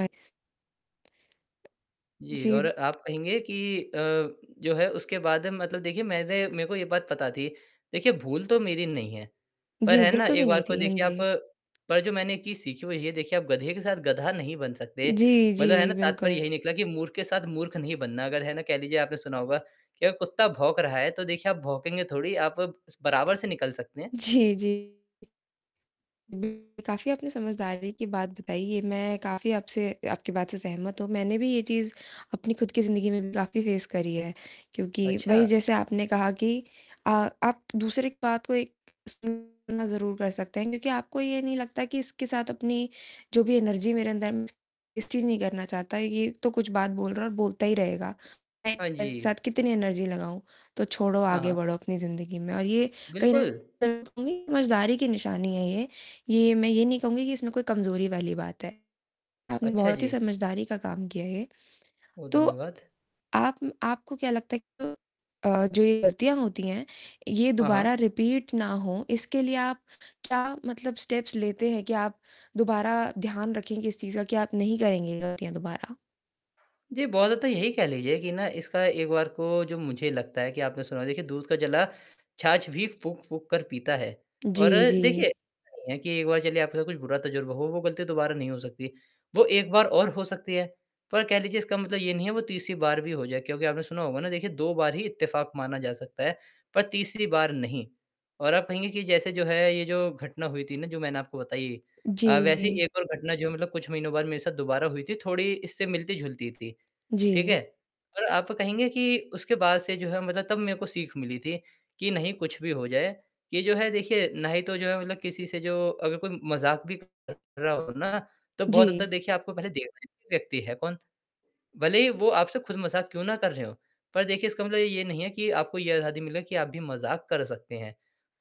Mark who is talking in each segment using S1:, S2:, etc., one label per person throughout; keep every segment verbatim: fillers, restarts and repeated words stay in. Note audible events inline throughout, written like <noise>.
S1: ए
S2: जी और
S1: जी।
S2: आप कहेंगे कि अ, जो है उसके बाद मतलब देखिए मैंने मेरे को ये बात पता थी। देखिए भूल तो मेरी नहीं है। पर
S1: जी,
S2: है ना
S1: बिल्कुल
S2: एक
S1: भी
S2: बार
S1: नहीं
S2: को
S1: थी, हाँ
S2: देखिए आप
S1: जी।
S2: पर जो मैंने एक चीज़ सीखी हुई है देखिए आप गधे के साथ गधा नहीं बन सकते।
S1: जी, जी,
S2: मतलब है ना तात्पर्य यही
S1: बिल्कुल।
S2: निकला कि मूर्ख के साथ मूर्ख नहीं बनना अगर है ना कह लीजिए आपने सुना होगा कि कुत्ता भौंक रहा है तो देखिए आप भौंकेंगे थोड़ी आप बराबर से निकल सकते हैं।
S1: जी, जी। <unintelligible> काफ़ी अपनी समझदारी की बात बताई ये मैं काफ़ी आपसे आपकी बात से सहमत हूँ। मैंने भी ये चीज़ अपनी खुद की ज़िन्दगी में भी काफ़ी फेस करी है क्योंकि वही
S2: अच्छा!
S1: जैसे आपने कहा कि आ आप दूसरी बात को सुनना ज़रूर कर सकते हैं क्योंकि आपको ये नहीं लगता कि इसके साथ अपनी जो भी एनर्जी मेरे अंदर है मैं उसे वेस्ट नहीं करना चाहता। ये तो कुछ बात बोल रहा है और बोलता ही रहेगा। मैं
S2: हाँ
S1: मेरे
S2: जी।
S1: साथ कितनी एनर्जी लगाऊँ? तो छोड़ो
S2: हाँ,
S1: आगे
S2: हाँ।
S1: बढ़ो अपनी ज़िन्दगी में और ये कई
S2: बिल्कुल।
S1: <unintelligible> समझदारी की निशानी है ये। ये मैं ये नहीं कहूँगी कि इसमें कोई कमज़ोरी वाली बात है। आपने
S2: अच्छा
S1: बहुत ही
S2: जी।
S1: समझदारी का काम किया है ये।
S2: बहुत
S1: तो
S2: धन्यवाद।
S1: आप म आपको क्या लगता है कि अ अ, जो ये गलतियाँ होती हैं, ये
S2: हाँ,
S1: दोबारा
S2: हाँ।
S1: रिपीट ना हो इसके लिए आप क्या मतलब स्टेप्स लेते हैं कि आप दोबारा ध्यान रखेंगे इस चीज़ का क्या आप नहीं करेंगे ये गलतियाँ दोबारा?
S2: जी, बहुत ज़्यादा तो यही कह लीजिए कि इसका एक बार को जो मुझे लगता है कि आपने सुना होगा देखिए दूध का जला छाछ भी फूक-फूक कर पीता है और
S1: जी,
S2: देखिए
S1: जी।
S2: ऐसा नहीं है कि एक बार चलिए आपके साथ कुछ बुरा तजुर्बा हो वो गलती दोबारा नहीं हो सकती है। वो एक बार और हो सकती है। पर कह लीजिए इसका मतलब ये नहीं है कि वो तीसरी बार भी हो जाए। क्योंकि आपने सुना होगा ना देखिए दो बार ही इत्तेफाक माना जा सकता है पर तीसरी बार नहीं। और आप कहेंगे कि जैसे जो है ये जो घटना हुई थी ना जो मैंने आपको बताई है।
S1: जी,
S2: अ, वैसे
S1: जी।
S2: एक और घटना जो मतलब कुछ महीनों बाद मेरे साथ दोबारा हुई थी थोड़ी इससे मिलती जुलती थी। ठीक
S1: जी।
S2: है? और आप कहेंगे कि उसके बाद से जो है मतलब तब मेरे को सीख मिली थी कि नहीं कुछ भी हो जाए ये जो है देखिए ना तो जो है मतलब किसी से जो अगर कोई मज़ाक भी कर रहा हो ना तो बहुत तक
S1: जी।
S2: देखिए आपको पहले देखना ही व्यक्ति है कौन? भले ही वो आपसे खुद मज़ाक क्यों ना कर रहे हो। पर देखिए इसका मतलब ये नहीं है कि आपको ये आज़ादी मिले की आप भी मज़ाक कर सकते हैं।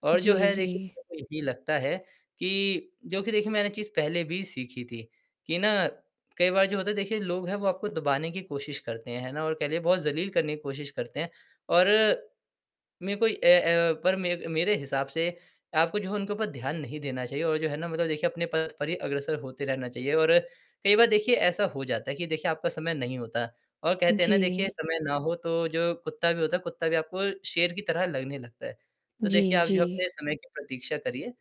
S2: और जो
S1: जी,
S2: है
S1: जी।
S2: देखिए <unintelligible> यही लगता है कि जो कि देखिए मैंने एक चीज़ पहले भी सीखी थी, कि ना कई बार जो होता है देखिए लोग है वो आपको दबाने की कोशिश करते हैं, है ना और कह लें बहुत ज़लील करने की कोशिश करते हैं और मेरे को ए अ, पर मे मेरे हिसाब से आपको जो है उनके ऊपर ध्यान नहीं देना चाहिए और जो है ना मतलब देखिए अपने पद पर ही अग्रसर होते रहना चाहिए और कई बार देखिए ऐसा हो जाता है कि देखिए आपका समय नहीं होता। और कहते है ना देखिए
S1: जी।
S2: समय ना हो तो जो कुत्ता भी होता है कुत्ता भी आपको शेर की तरह लगने लगता है। तो देखिए
S1: जी,
S2: आप जो
S1: जी।
S2: अपने समय की प्रतीक्षा करिए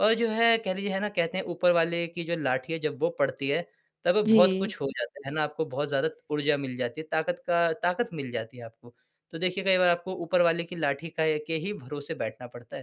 S2: और जो है कह लीजिए है ना कहते हैं ऊपर वाले की जो लाठी है जब वो पड़ती है तब बहुत
S1: जी।
S2: कुछ हो जाता, है ना आपको बहुत ज़्यादा ऊर्जा मिल जाती है ताकत का ताकत मिल जाती है आपको। तो देखिए कई बार आपको ऊपर वाले की लाठी का ए के ही भरोसे बैठना पड़ता है।